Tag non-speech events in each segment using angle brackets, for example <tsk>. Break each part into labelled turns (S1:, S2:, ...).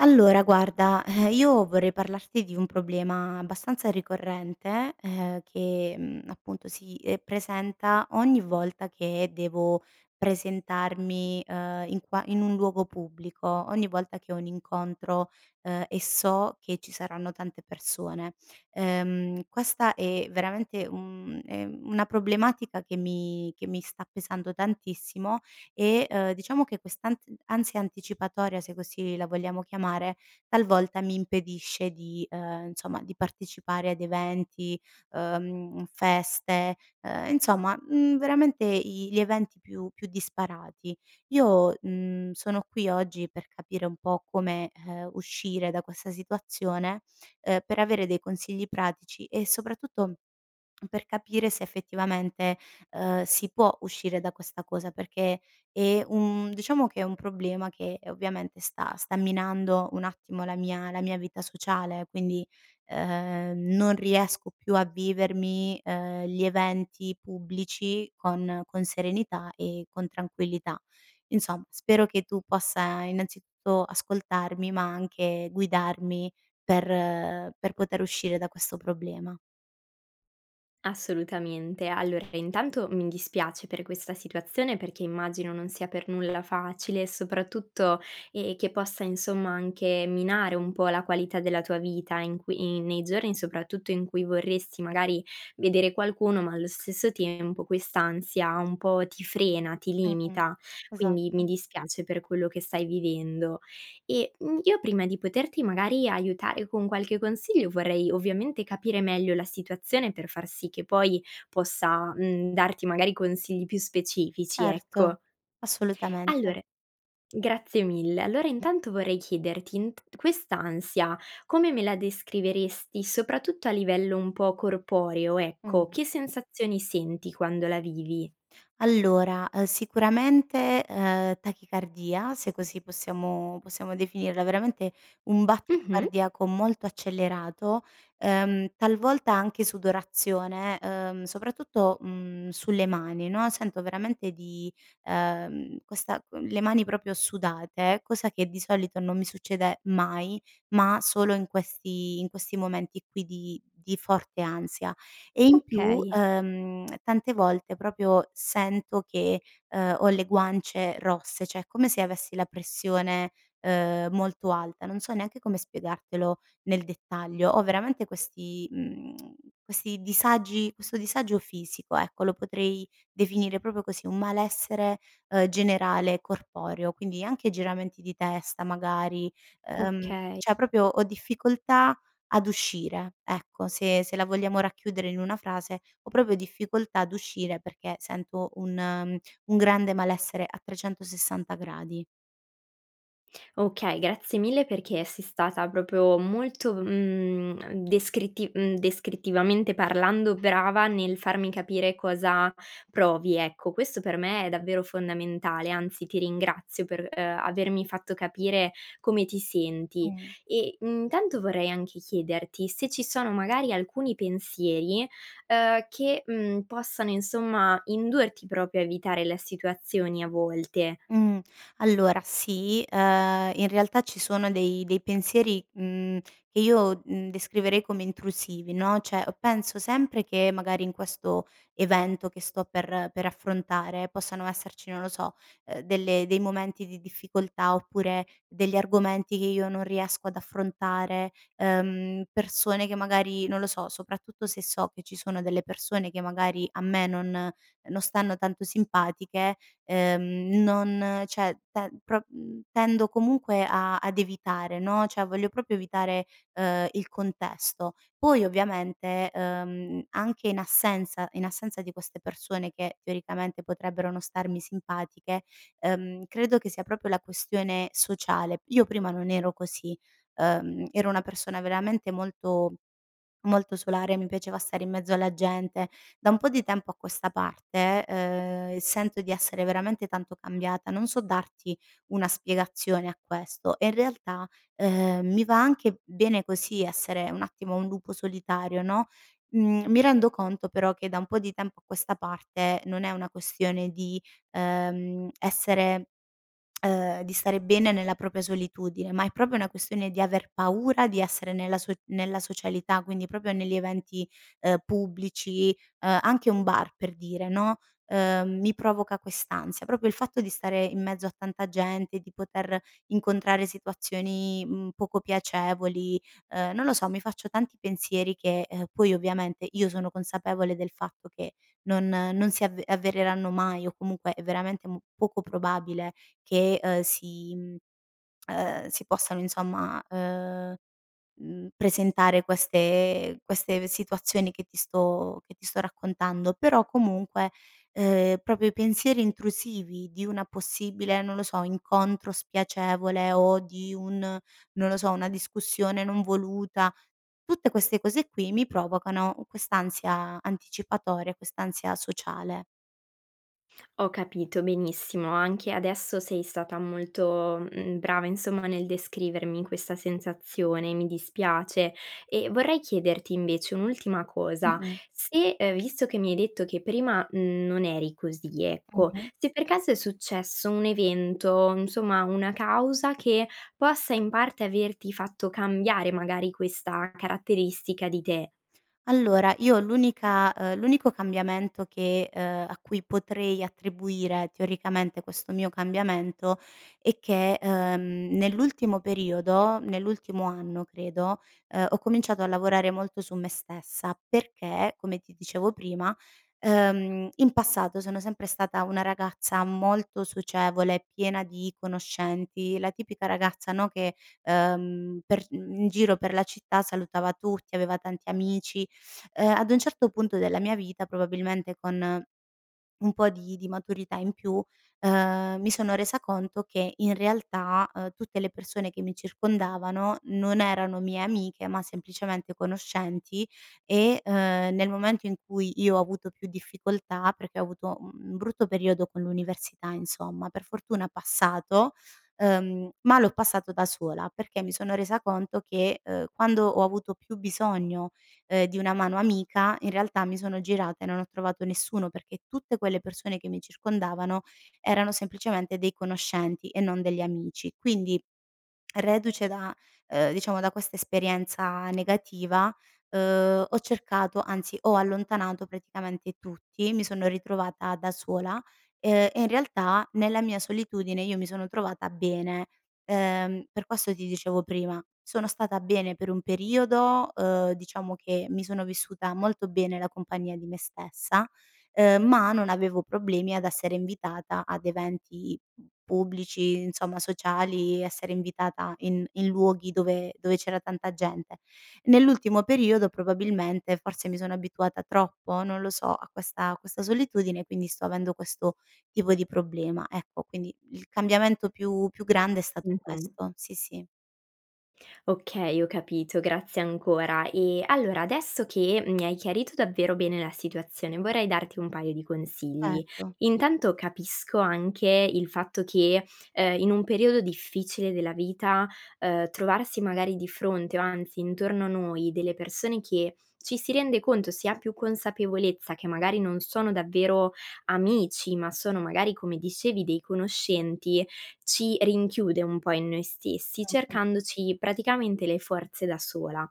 S1: Allora, guarda, eh, io vorrei parlarti di un problema abbastanza ricorrente, ehm, che, mhmm, appunto si, ehm, presenta ogni volta che devo presentarmi, uhm, in qua in un luogo pubblico, ogni volta che ho un incontro, uhm, e so che ci saranno tante persone. Ehm, questa è veramente un, uhm, è una problematica che mi che mi sta pesando tantissimo, eh, uhm, diciamo che quest'ans ansia anticipatoria, se così la vogliamo chiamare, talvolta mi impedisce di, uhm, insomma di partecipare ad eventi, uhm, feste, uhm, insomma, mhmm, veramente i gli eventi più più disparati. Io, mhmm, sono qui oggi per capire un po' come, uhm, uscire da questa situazione, uhm, per avere dei consigli pratici e soprattutto, per capire se effettivamente, uhm, si può uscire da questa cosa, perché è un diciamo che è un problema che ovviamente sta sta minando un attimo la mia la mia vita sociale, quindi, uhm, non riesco più a vivermi, ehm, gli eventi pubblici con con serenità e con tranquillità. Insomma, spero che tu possa innanzitutto ascoltarmi, ma anche, guidarmi per per poter uscire da questo problema.
S2: Assolutamente, allora intanto, mi dispiace per questa situazione perché immagino non sia per nulla facile e soprattutto, ehm, che possa insomma anche minare un po' la qualità della tua vita in quei nei giorni soprattutto, in cui vorresti magari vedere qualcuno ma allo stesso tempo quest'ansia un po' ti frena, ti
S1: Mh-mh,
S2: limita quindi, mi
S1: esatto.
S2: dispiace per quello che stai vivendo. Eh, mhmm, io prima di poterti magari aiutare con qualche consiglio, vorrei ovviamente, capire meglio la situazione per far sì che poi, possa, mhmm, darti magari consigli più specifici
S1: Certo,
S2: ecco.
S1: assolutamente.
S2: Allora, grazie mille! Allora intanto, vorrei chiederti, int quest'ansia, come me la descriveresti, soprattutto a livello un po' corporeo ecco,
S1: Mh.
S2: che sensazioni senti quando la vivi?
S1: Allora, uhm, sicuramente, uhm, tachicardia se così possiamo possiamo definirla, veramente, un battito
S2: Mh-mh.
S1: cardiaco molto accelerato, uhm, talvolta anche sudorazione, uhm, soprattutto, mhmm, sulle mani no, sento veramente di, uhm, questa con le mani proprio sudate, cosa che di solito non mi succede mai, ma, solo in questi in questi momenti qui di di forte ansia e in più,
S2: Okay.
S1: uhm, <smacks lips> tante volte proprio sento che, uhm, ho le guance rosse, cioè, è come se avessi la pressione, uhm, molto alta. Non so neanche come spiegartelo nel dettaglio. Ho veramente questi, mhmm, <tsk> questi disagi questo disagio fisico ecco, lo potrei definire proprio così un malessere, uhm, generale corporeo quindi, anche giramenti di testa magari, ehm,
S2: Okay.
S1: cioè, proprio ho difficoltà ad uscire ecco, se se la vogliamo racchiudere in una frase ho proprio difficoltà ad uscire perché sento un un grande malessere a 360 gradi.
S2: Okay, grazie mille perché, sei stata proprio molto, mhmm, descritti mhmm, descrittivamente parlando, brava nel farmi capire cosa provi ecco, questo per me è davvero fondamentale, anzi ti ringrazio per, uhm, avermi fatto capire come ti senti;
S1: Mh.
S2: eh, mhmm, tanto vorrei anche chiederti, se ci sono magari alcuni pensieri, uhm, che, uhm, possano insomma indurti proprio a evitare la situazioni a volte.
S1: Mh, allora sì, uhm in realtà ci sono dei dei pensieri, mhmm, che io, mhmm, descriverei come intrusivi no, cioè, penso sempre che magari, in questo evento che sto per per affrontare, possano esserci non lo so, uhm, delle dei momenti di difficoltà, oppure degli argomenti che io non riesco ad affrontare, uhm, persone che magari, non lo so, soprattutto, se so che ci sono delle persone che magari, a me non non stanno tanto simpatiche, uhm, non cioè, te pro mhmm, tendo comunque a ad evitare no, cioè, voglio proprio evitare, uhm, il contesto. Poi ovviamente, ehm, anche in assenza in assenza di queste persone, che teoricamente, potrebbero non starmi simpatiche, ehm, credo che sia proprio la questione sociale. Io prima non ero così. Ehm, ero una persona veramente molto molto solare. Mi piaceva stare in mezzo alla gente. Da un po' di tempo a questa parte, ehm, sento di essere veramente tanto cambiata. Non so darti una spiegazione a questo. E in realtà, ehm, mi va anche bene così essere un attimo un lupo solitario no, mhmm, mi rendo conto però, che da un po' di tempo a questa parte, non è una questione di, ehm essere, <smacks lips> ehm, di stare bene nella propria solitudine, ma è proprio una questione di aver paura di essere nella so nella socialità quindi, proprio negli eventi, uhm, pubblici, uhm, anche un bar per dire no, uhm, mi provoca quest'ansia, proprio il fatto di stare in mezzo a tanta gente, di poter incontrare situazioni, mhmm, poco piacevoli, uhm, non lo so, mi faccio tanti pensieri che, uhm poi ovviamente, io sono consapevole del fatto che, non non si av avvereranno mai o comunque è veramente poco probabile che, uhm, si uhm, si possano insomma, uhm, mhmm, presentare queste queste ve situazioni che ti sto che ti sto raccontando, però comunque, uhm, proprio i pensieri intrusivi di una possibile non lo so, incontro spiacevole o di un non lo so, una discussione non voluta, tutte queste cose qui, mi provocano quest'ansia anticipatoria, quest'ansia sociale.
S2: Ho capito, benissimo. Anche adesso sei stata molto, mhmm, brava insomma, nel descrivermi questa sensazione, mi dispiace. E, vorrei chiederti invece, un'ultima cosa
S1: Mh-mh.
S2: se, uhm, visto che mi hai detto che prima, mhmm, non eri così ecco,
S1: Mh-mh.
S2: se per caso è successo un evento insomma, una causa, che possa in parte averti fatto cambiare magari questa caratteristica di te.
S1: Allora, io l'unica, uhm l'unico cambiamento che, uhm, a cui potrei attribuire teoricamente, questo mio cambiamento, è che, uhm, nell'ultimo periodo nell'ultimo anno credo, uhm, ho cominciato a lavorare molto su me stessa, perché come ti dicevo prima, uhm, in passato sono sempre stata una ragazza molto socievole, piena di conoscenti, la tipica ragazza no, che uhm, per mhmm, in giro per la città salutava tutti, aveva tanti amici, <sucks teeth> uhm, ad un certo punto della mia vita, probabilmente con un po' di di maturità in più, uhm, mi sono resa conto che in realtà, uhm, tutte le persone che mi circondavano non erano mie amiche, ma semplicemente conoscenti e, uhm, nel momento in cui io ho avuto più difficoltà, perché ho avuto, mhmm, un brutto periodo con l'università insomma, per fortuna passato, uhm, ma l'ho passato da sola perché mi sono resa conto che, uhm, quando ho avuto più bisogno, uhm, di una mano amica, in realtà mi sono girata e non ho trovato nessuno, perché tutte quelle persone che mi circondavano, erano semplicemente dei conoscenti e non degli amici quindi, reduce da, uhm, diciamo da questa esperienza negativa, uhm, ho cercato anzi ho allontanato praticamente tutti, mi sono ritrovata da sola, uhm, e in realtà nella mia solitudine io mi sono trovata bene, uhm, per questo ti dicevo prima, sono stata bene per un periodo, uhm, diciamo che mi sono vissuta molto bene la compagnia di me stessa; uhm, ma non avevo problemi ad essere invitata ad eventi pubblici, insomma, sociali, essere invitata in in luoghi dove dove c'era tanta gente. Nell'ultimo periodo, probabilmente forse mi sono abituata troppo, non lo so a questa questa solitudine quindi, sto avendo questo tipo di problema ecco, quindi, il cambiamento più più grande è stato
S2: Mh-mh.
S1: questo, sì sì.
S2: Okay, ho capito, grazie ancora; e, allora adesso che mi hai chiarito davvero bene la situazione, vorrei darti un paio di consigli;
S1: Certo.
S2: intanto capisco anche il fatto che, uhm, in un periodo difficile della vita, uhm, trovarsi magari di fronte o anzi intorno a noi delle persone che, ci si rende conto, si ha più consapevolezza che magari non sono davvero amici, ma sono magari come dicevi, dei conoscenti, ci rinchiude un po' in noi stessi,
S1: <unintelligible>
S2: cercandoci praticamente, le forze da sola;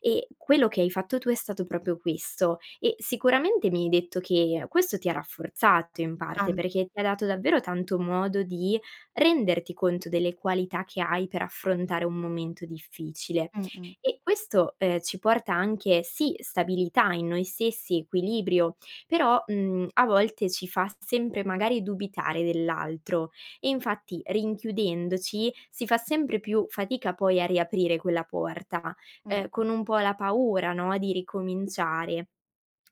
S2: e, quello che hai fatto tu è stato proprio questo. E, sicuramente mi hai detto che, questo ti ha rafforzato in parte,
S1: <unintelligible>
S2: perché, ti ha dato davvero tanto modo di renderti conto delle qualità che hai per affrontare un momento difficile;
S1: Mh-mh.
S2: e questo, uhm, ci porta anche, sì stabilità in noi stessi, equilibrio, però, mhmm, a volte ci fa sempre, magari, dubitare dell'altro. E infatti, rinchiudendoci, si fa sempre più fatica poi, a riaprire quella porta, uhm,
S1: Mh-mh.
S2: con un po' la paura no, di ricominciare.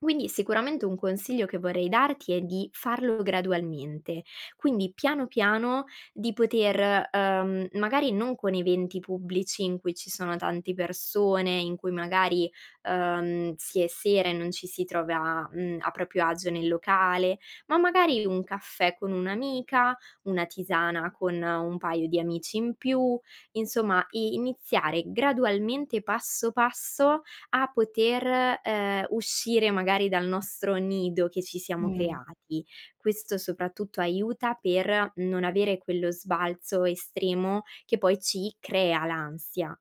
S2: Quindi, sicuramente un consiglio che vorrei darti è di farlo gradualmente, quindi, piano, piano di poter, uhm, magari non con eventi pubblici in cui ci sono tante persone, in cui magari, uhm, si è sera e non ci si trova, mhmm, a proprio agio nel locale; ma magari, un caffè con un'amica, una tisana con un paio di amici in più; insomma, i iniziare gradualmente passo, passo a poter, uhm, uscire magari dal nostro nido, che ci siamo
S1: Mh.
S2: creati. Questo soprattutto, aiuta per non avere quello sbalzo estremo, che poi ci crea l'ansia.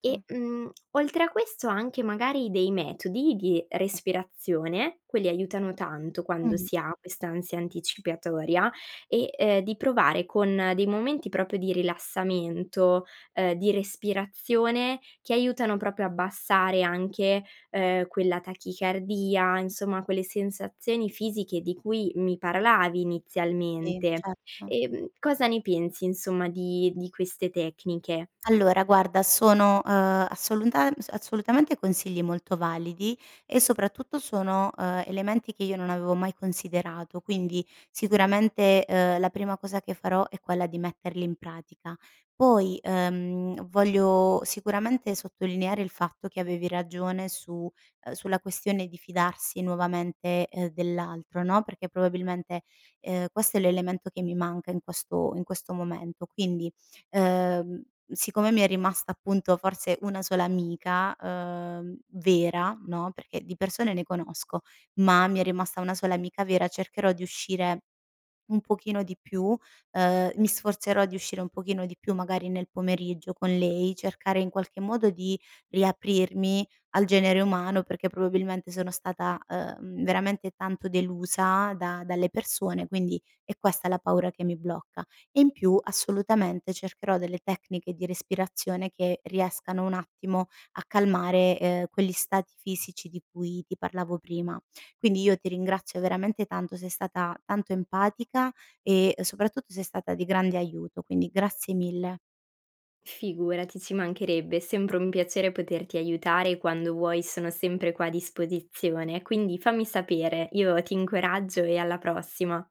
S2: Eh, mhmm, oltre a questo, anche magari dei metodi, di respirazione, quelli aiutano tanto quando
S1: Mh.
S2: si ha questa ansia anticipatoria, e, uhm, di provare con dei momenti proprio di rilassamento, uhm, di respirazione, che aiutano proprio a abbassare anche, uhm, quella tachicardia, insomma, quelle sensazioni fisiche di cui mi parlavi
S1: Sì,
S2: inizialmente.
S1: certo.
S2: Uhm, cosa ne pensi insomma, di di queste tecniche?
S1: Allora, guarda sono, uhm, assolunta assolutamente consigli molto validi e soprattutto sono, uhm, elementi che io non avevo mai considerato quindi, sicuramente, uhm, la prima cosa che farò è quella di metterli in pratica. Poi, uhm, voglio sicuramente sottolineare il fatto che avevi ragione su, uhm, sulla questione di fidarsi nuovamente, uhm, dell'altro no, perché probabilmente, uhm, questo è l'elemento che mi manca in questo in questo momento, quindi, uhm, siccome mi è rimasta appunto, forse una sola amica, uhm, vera no, perché di persone ne conosco, ma mi è rimasta una sola amica vera; cercherò di uscire un pochino di più, uhm, mi sforzerò di uscire un pochino di più, magari nel pomeriggio con lei, cercare in qualche modo di riaprirmi al genere umano, perché probabilmente, sono stata, uhm, veramente tanto delusa da dalle persone quindi, è questa la paura che mi blocca e in più assolutamente cercherò delle tecniche di respirazione che riescano un attimo a calmare, uhm, quegli stati fisici di cui ti parlavo prima. Quindi, io ti ringrazio veramente tanto. Sei stata tanto empatica e soprattutto sei stata di grande aiuto. Quindi, grazie mille.
S2: Figurati, ci mancherebbe è sempre un piacere poterti aiutare e quando vuoi sono sempre qua a disposizione quindi, fammi sapere. Io ti incoraggio e alla prossima.